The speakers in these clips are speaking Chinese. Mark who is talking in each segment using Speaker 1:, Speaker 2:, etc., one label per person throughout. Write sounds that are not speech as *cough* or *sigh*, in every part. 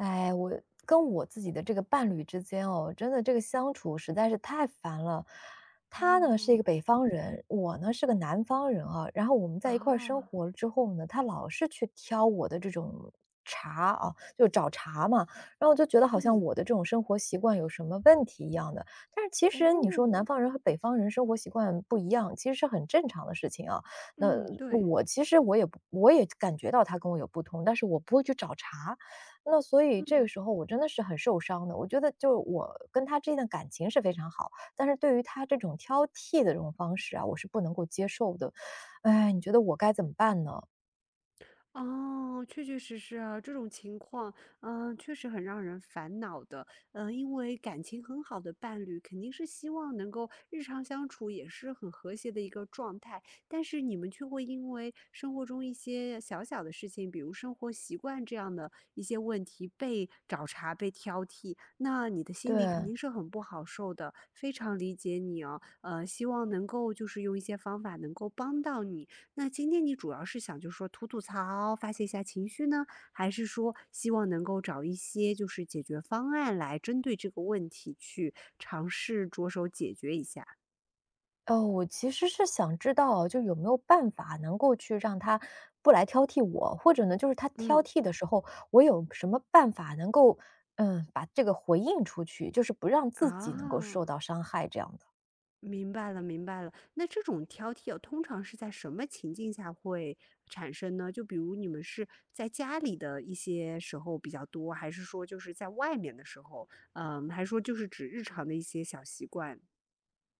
Speaker 1: 唉，我跟我自己的这个伴侣之间哦，真的这个相处实在是太烦了。他呢，是一
Speaker 2: 哦。
Speaker 1: 个北方人，我呢，是个南方人啊，然后我们在一块儿生
Speaker 2: 哦。
Speaker 1: 活之后呢，他老是去挑我的这种茬啊，就是找茬嘛，然后我就觉得好像
Speaker 2: 嗯。
Speaker 1: 我的这种生活习惯有什么问题一样的。但是其实，你说
Speaker 2: 哦。
Speaker 1: 南方人和北方人生活习惯不一样，其实是很正常的事情啊，那
Speaker 2: 嗯，对。
Speaker 1: 我其实我也我也感觉到他跟我有不同，但是我不会去找茬。那所以这个
Speaker 2: 嗯。
Speaker 1: 时候我真的是很受伤的，我觉得就是我跟他之间的感情是非常好，但是对于他这种挑剔的这种方式啊，我是不能够接受的。唉，你觉得我该怎么办呢？
Speaker 2: 哦，确确实实啊，这种情况，呃，确实很让人烦恼的。呃，因为感情很好的伴侣肯定是希望能够日常相处也是很和谐的一个状态，但是你们却会因为生活中一些小小的事情，比如生活习惯这样的一些问题被找茬、被挑剔，那你的心里肯
Speaker 1: 对。
Speaker 2: 定是很不好受的，非常理解你啊，呃，希望能够就是用一些方法能够帮到你。那今天你主要是想就说吐吐槽，发泄一下情绪呢？还是说希望能够找一些就是解决方案，来针对这个问题去尝试着手解决一下？
Speaker 1: 呃，我其实是想知道，就有没有办法能够去让他不来挑剔我，或者呢，就是他挑
Speaker 2: 嗯。
Speaker 1: 剔的时候，我有什么办法能够，嗯，把这个回应出去，就是不让自己能够受
Speaker 2: 啊。
Speaker 1: 到伤害，这样的。
Speaker 2: 明白了明白了，那这种挑剔啊，通常是在什么情境下会产生呢？就比如你们是在家里的一些时候比较多？还是说就是在外面的时候？呃，还是说就是指日常的一些小习惯？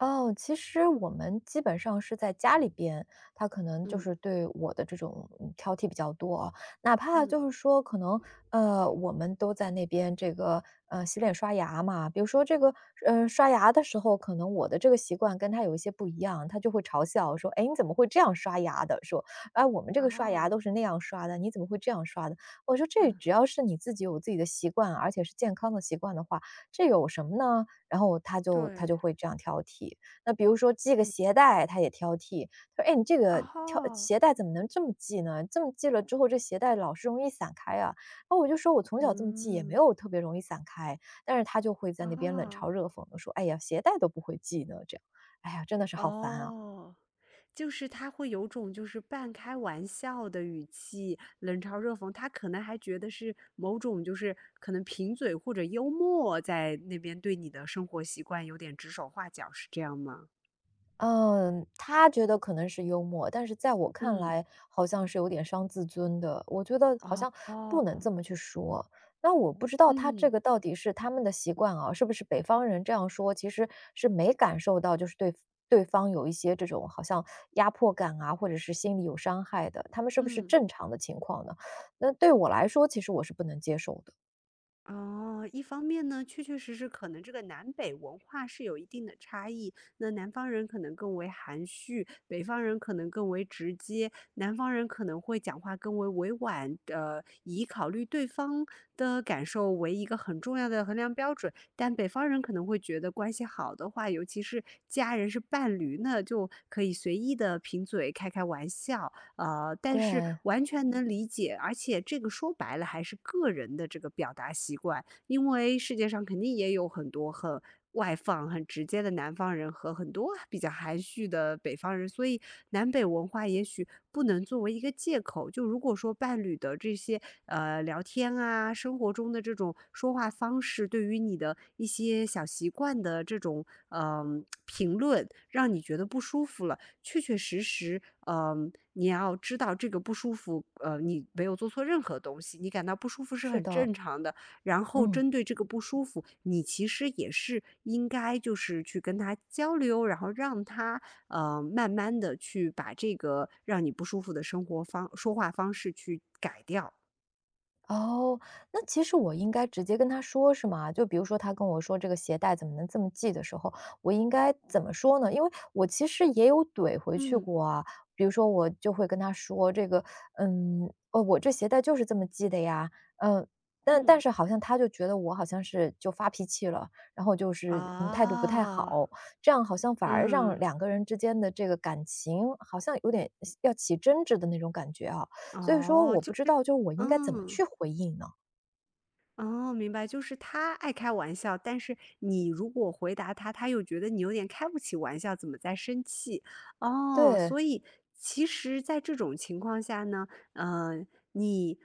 Speaker 1: 哦，其实我们基本上是在家里边，他可能就
Speaker 2: 嗯。
Speaker 1: 是对我的这种，嗯，挑剔比较多哦。哪怕
Speaker 2: 嗯。
Speaker 1: 就是说可能，呃，我们都在那边这个，呃，洗脸刷牙嘛，比如说这个，呃，刷牙的时候，可能我的这个习惯跟他有一些不一样，他就会嘲笑说：“哎，你怎么会这样刷牙的？”说，“啊，我们这个刷牙
Speaker 2: 哦。
Speaker 1: 都是那样刷的，你怎么会这样刷的？”我说：“这
Speaker 2: 嗯。
Speaker 1: 只要是你自己有自己的习惯，而且是健康的习惯的话，这有什么呢？”然后他就他就
Speaker 2: 对。
Speaker 1: 会这样挑剔。那比如说系个
Speaker 2: 嗯。
Speaker 1: 鞋带，他也挑剔，“哎，你这个挑
Speaker 2: 哦。
Speaker 1: 鞋带怎么能这么系呢？这么系了之后，这鞋带老是容易散开啊。”然后我就说：“我从小这么系，也没
Speaker 2: 嗯。
Speaker 1: 有特别容易散开。”但是他就会在那边冷嘲
Speaker 2: 啊。
Speaker 1: 热讽地说，“哎呀，鞋带都不会系呢”，这样，哎呀，真的是好烦啊。
Speaker 2: 哦，就是他会有种就是半开玩笑的语气，冷嘲热讽。他可能还觉得是某种就是可能贫嘴或者幽默，在那边对你的生活习惯有点指手画脚，是这样吗？
Speaker 1: 呃，他觉得可能是幽默，但是在我看
Speaker 2: 嗯。
Speaker 1: 来，好像是有点伤自尊的。我觉得好像不能这
Speaker 2: 哦。
Speaker 1: 么去说，那我不知道他
Speaker 2: 嗯。
Speaker 1: 这个到底是他们的习惯啊，是不是北方人这样说，其实，是没感受到就是对对方有一些这种好像压迫感啊，或者是心理有伤害的，他们是不是
Speaker 2: 嗯。
Speaker 1: 正常的情况呢？那对我来说其实我是不能接受的。
Speaker 2: 哦，一方面呢，确确实实可能这个南北文化是有一定的差异，那南方人可能更为含蓄，北方人可能更为直接，南方人可能会讲话更为委婉，呃，以考虑对方的感受为一个很重要的衡量标准，但北方人可能会觉得关系好的话，尤其是家人、是伴侣，那就可以随意地贫嘴、开开玩笑。呃，但是
Speaker 1: 对。
Speaker 2: 完全能理解，而且这个说白了还是个人的这个表达习惯，因为世界上肯定也有很多，很外放、很直接的南方人和很多比较含蓄的北方人，所以南北文化也许不能作为一个借口。就如果说伴侣的这些，呃，聊天啊，生活中的这种说话方式，对于你的一些小习惯的这种，呃，*smacks lips* 评论，让你觉得不舒服了，确确实实，嗯，你要知道这个不舒服，呃，你没有做错任何东西，你感到不舒服是
Speaker 1: 是
Speaker 2: 很
Speaker 1: 的。
Speaker 2: 正常的。然后
Speaker 1: 嗯。
Speaker 2: 针对这个不舒服，你其实也是应该就是去跟他交流，然后让他，呃，慢慢地去把这个让你不舒服的生活方说话方式去改掉。
Speaker 1: 哦，那其实我应该直接跟他说，是吗？就比如说，他跟我说“这个鞋带怎么能这么系”的时候，我应该怎么说呢？因为我其实也有怼回去
Speaker 2: 嗯。
Speaker 1: 过啊，比如说我就会跟他说这个，嗯，“我这鞋带就是这么系的呀”，呃，但但
Speaker 2: 嗯。
Speaker 1: 是好像他就觉得，我好像是就发脾气了，然后就是，嗯，态度不太
Speaker 2: 啊。
Speaker 1: 好。这样好像反而让
Speaker 2: 嗯。
Speaker 1: 两个人之间的这个感情，好像有点要起争执的那种感觉啊，所以说
Speaker 2: 哦，
Speaker 1: 我
Speaker 2: 就
Speaker 1: 不知
Speaker 2: 是
Speaker 1: 道就是我应该怎么
Speaker 2: 嗯。
Speaker 1: 去回应呢？
Speaker 2: 哦，明白，就是他爱开玩笑，但是你如果回答他，他又觉得你有点开不起玩笑，怎么在生气。哦，
Speaker 1: 对。
Speaker 2: 所以其实在这种情况下呢，嗯，你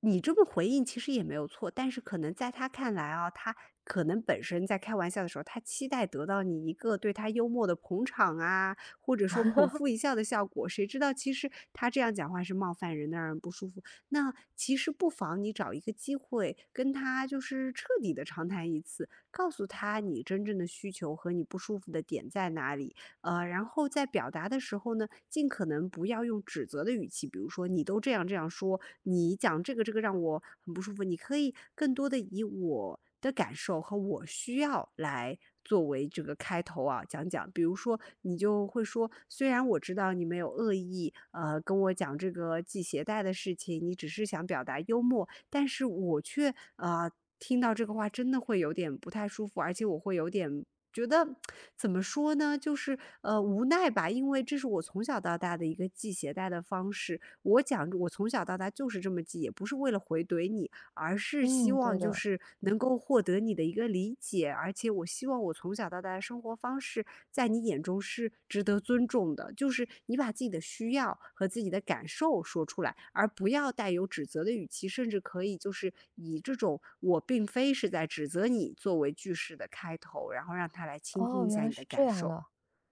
Speaker 2: 你这么回应其实也没有错，但是可能在他看来啊，他可能本身在开玩笑的时候，他期待得到你一个对他幽默的捧场啊，或者说捧
Speaker 1: *laughs*
Speaker 2: 腹一笑的效果，谁知道其实他这样讲话是冒犯人的，让人不舒服。那其实不妨你找一个机会跟他，就是彻底地长谈一次，告诉他，你真正的需求和你不舒服的点在哪里，呃，然后在表达的时候呢，尽可能不要用指责的语气，比如说：“你都这样这样说，你讲这个这个让我很不舒服”。你可以更多地以“我的感受”和“我需要”来作为这个开头啊，讲讲。比如说，你就会说：“虽然我知道你没有恶意，呃，跟我讲这个系鞋带的事情，你只是想表达幽默，但是我却，啊，听到这个话真的会有点不太舒服。而且我会有点觉得 *tsk* 怎么说呢，就是，呃，无奈吧，因为这是我从小到大的一个系鞋带的方式，我讲我从小到大就是这么系，也不是为了回怼你，而是希
Speaker 1: 嗯，
Speaker 2: 望，
Speaker 1: 对
Speaker 2: 就
Speaker 1: 的。
Speaker 2: 是能够获得你的一个理解，而且我希望我从小到大的生活方式在你眼中是值得尊重的。”就是你把自己的需要和自己的感受说出来，而不要带有指责的语气，甚至可以就是，以这种“我并非是在指责你”作为句式的开头，然后让他来倾听
Speaker 1: 哦，
Speaker 2: 一
Speaker 1: 原
Speaker 2: 下
Speaker 1: 来
Speaker 2: 你的
Speaker 1: 是
Speaker 2: 感
Speaker 1: 这样
Speaker 2: 受，
Speaker 1: 的。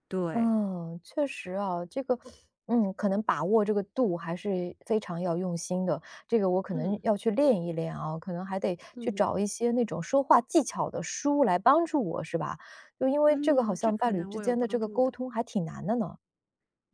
Speaker 2: 对。
Speaker 1: 嗯，确实啊，这个，嗯，可能把握这个度还是非常要用心的，这个我可能，
Speaker 2: 嗯。
Speaker 1: 要去练一练啊，可能还得去
Speaker 2: 嗯。
Speaker 1: 找一些那种说话技巧的书来帮助我，是吧？就因为这个好
Speaker 2: 嗯，这
Speaker 1: 像伴
Speaker 2: 可
Speaker 1: 侣
Speaker 2: 能
Speaker 1: 之
Speaker 2: 会有
Speaker 1: 间的这
Speaker 2: 帮
Speaker 1: 个
Speaker 2: 助
Speaker 1: 沟
Speaker 2: 的。
Speaker 1: 通还挺难的呢。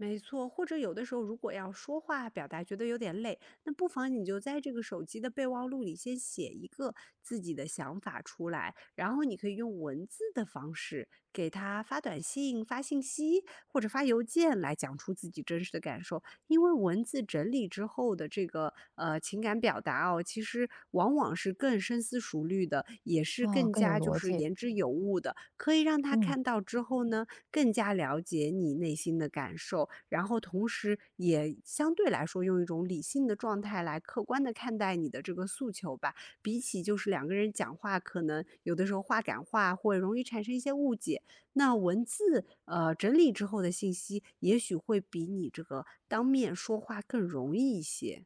Speaker 2: 没错，或者有的时候，如果要说话表达觉得有点累，那不妨你就在这个手机的备忘录里先写一个自己的想法出来，然后你可以用文字的方式，给他发短信、发信息，或者发邮件，来讲出自己真实的感受。因为文字整理之后的这个，呃，情感表达哦，其实往往是更深思熟虑的，也是
Speaker 1: 哦，
Speaker 2: 更
Speaker 1: 更有
Speaker 2: 加，就
Speaker 1: 逻
Speaker 2: 是
Speaker 1: 辑。
Speaker 2: 言之有物的，可以让他
Speaker 1: 嗯。
Speaker 2: 看到之后呢，更加了解你内心的感受。然后同时，也相对来说用一种理性的状态来客观地看待你的这个诉求吧，比起就是两个人讲话，可能有的时候话赶话会容易产生一些误解，那文字，呃，整理之后的信息也许会比你这个当面说话更容易一些。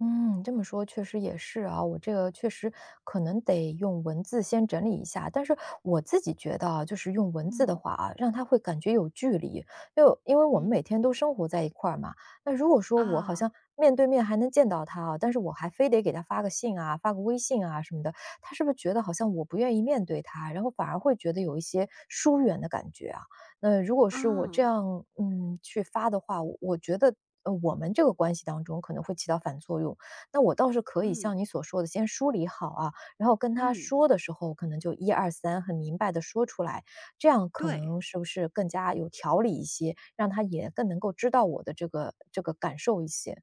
Speaker 1: 嗯，这么说确实也是啊，我这个确实，可能得用文字先整理一下。但是我自己觉得啊，就是用文字的
Speaker 2: 嗯。
Speaker 1: 话啊，让他会感觉有距离，因为因为我们每
Speaker 2: 嗯。
Speaker 1: 天都生活在一块儿嘛，那如果说我好
Speaker 2: 啊。
Speaker 1: 像面对面还能见到他啊，但是我还非得给他发个信啊，发个微信啊什么的，他是不是觉得好像我不愿意面对他，然后反而会觉得有一些疏远的感觉啊？那如果是我这
Speaker 2: 嗯。
Speaker 1: 样，嗯，去发的话，我觉得，呃，我们这个关系当中可能会起到反作用。那我倒是可以
Speaker 2: 嗯。
Speaker 1: 像你所说的，先梳理好啊，然后跟他
Speaker 2: 嗯。
Speaker 1: 说的时候可能就1、2、3很明白的说出来，这样可
Speaker 2: 对。
Speaker 1: 能是不是更加有条理一些？让他也更能够知道我的这个这个感受一些？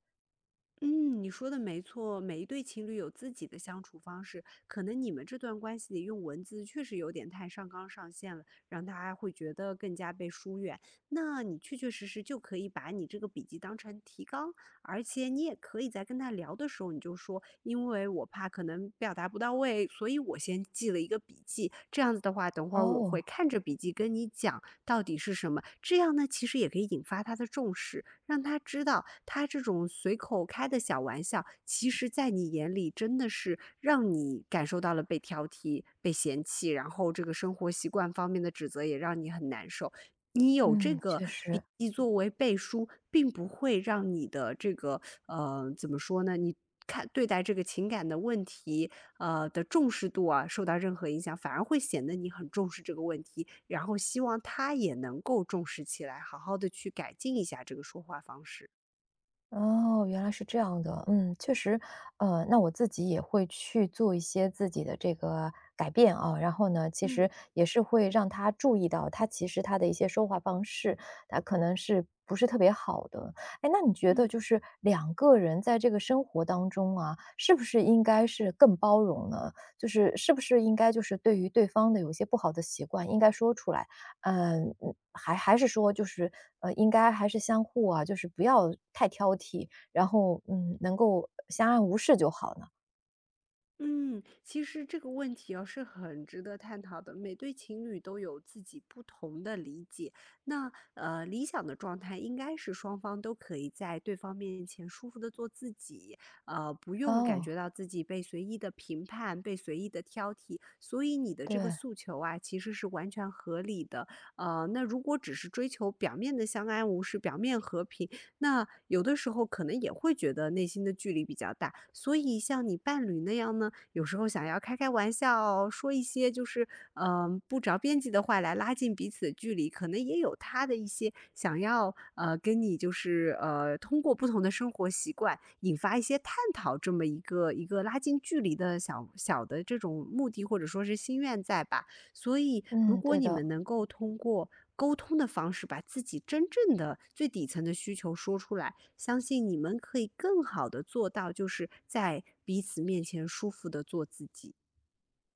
Speaker 2: 嗯，你说得没错，每一对情侣有自己的相处方式。可能你们这段关系里用文字确实有点太上纲上线了，让大家会觉得更加被疏远。那你确确实实就可以把你这个笔记当成提纲，而且你也可以在跟他聊的时候，你就说：“因为我怕可能表达不到位，所以我先记了一个笔记，这样子的话，等会儿我会
Speaker 1: 哦。
Speaker 2: 看着笔记跟你讲，到底是什么”。这样呢，其实也可以引发他的重视，让他知道他这种随口开的小玩笑，其实在你眼里真的是让你感受到了被挑剔、被嫌弃。然后这个生活习惯方面的指责也让你很难受，你有这
Speaker 1: 嗯，
Speaker 2: 个
Speaker 1: 确
Speaker 2: 笔
Speaker 1: 实。
Speaker 2: 记作为背书，并不会让你的这个，*sucks teeth* 呃，怎么说呢，你看对待这个情感的问题，啊，的重视度啊，受到任何影响，反而会显得你很重视这个问题，然后希望他也能够重视起来，好好地去改进一下这个说话方式。
Speaker 1: 哦，原来是这样的。嗯，确实，呃，那我自己也会去做一些自己的这个改变啊，然后呢，其
Speaker 2: 嗯。
Speaker 1: 实也是会让他注意到，他其实他的一些说话方式，啊，可能是不是特别好的。诶，那你觉得
Speaker 2: 嗯。
Speaker 1: 就是2个人在这个生活当中啊，是不是应该是更包容呢？就是是不是应该就是对于对方的有些一些不好的习惯，应该说出来？嗯，还还是说就是，呃，应该，还是相互啊，就是不要太挑剔，然后，嗯，能够相安无事就好了？
Speaker 2: 嗯，其实这个问题啊，是很值得探讨的，每对情侣都有自己不同的理解。那，呃，理想的状态应该是双方都可以在对方面前舒服地做自己，呃，不用感
Speaker 1: 哦。
Speaker 2: 觉到自己被随意地评判，被随意地挑剔，所以你的这个
Speaker 1: 对。
Speaker 2: 诉求啊，其实是完全合理的。呃，那如果只是追求表面的相安无事，表面和平，那有的时候可能也会觉得内心的距离比较大，所以像你伴侣那样呢，有时候想要开开玩笑，说一些就是，嗯，不着边际的话来拉近彼此的距离，可能也有他的一些想要，呃，跟你就是，呃，通过不同的生活习惯引发一些探讨，这么一个一个拉近距离的小小的这种目的，或者说是心愿在吧。所以，如
Speaker 1: 嗯，
Speaker 2: 果
Speaker 1: 对
Speaker 2: 你们
Speaker 1: 的。
Speaker 2: 能够通过沟通的方式，把自己真正的最底层的需求说出来，相信你们可以更好地做到就是在彼此面前舒服地做自己。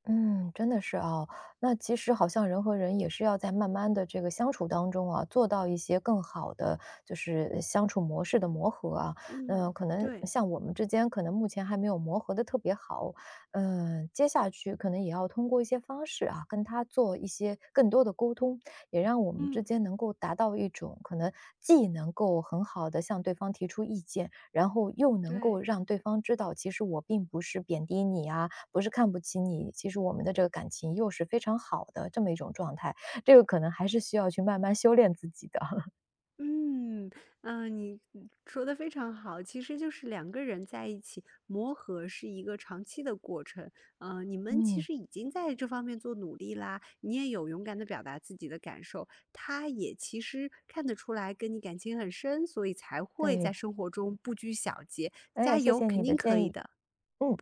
Speaker 1: 嗯，真的是哦，那其实好像人和人也是要在慢慢地这个相处当中啊，做到一些更好的就是相处模式的磨合啊。那
Speaker 2: 嗯，
Speaker 1: 可能
Speaker 2: 对。
Speaker 1: 像我们之间，可能目前还没有磨合得特别好，呃，接下去可能也要通过一些方式啊，跟他做一些更多的沟通，也让我们
Speaker 2: 嗯。
Speaker 1: 之间能够达到一种，可能既能够很好地向对方提出意见，然后又能够
Speaker 2: 对。
Speaker 1: 让对方知道，其实我并不是贬低你啊，不是看不起你，其实我们的这个感情又是非常好的这么一种状态，这个可能还是需要去慢慢修炼自己的。*chuckles*
Speaker 2: 嗯，呃，你你说得非常好，其实就是2个人在一起，磨合是一个长期的过程，呃，你们其
Speaker 1: 嗯。
Speaker 2: 实已经在这方面做努力啦，你也有勇敢地表达自己的感受，他也其实看得出来跟你感情很深，所以才会在
Speaker 1: 对。
Speaker 2: 生活中不拘小节，
Speaker 1: 哎，
Speaker 2: 加
Speaker 1: 谢
Speaker 2: 油，
Speaker 1: 谢
Speaker 2: 肯
Speaker 1: 你的
Speaker 2: 定可
Speaker 1: 建
Speaker 2: 以
Speaker 1: 议，
Speaker 2: 的，不客气。
Speaker 1: 嗯。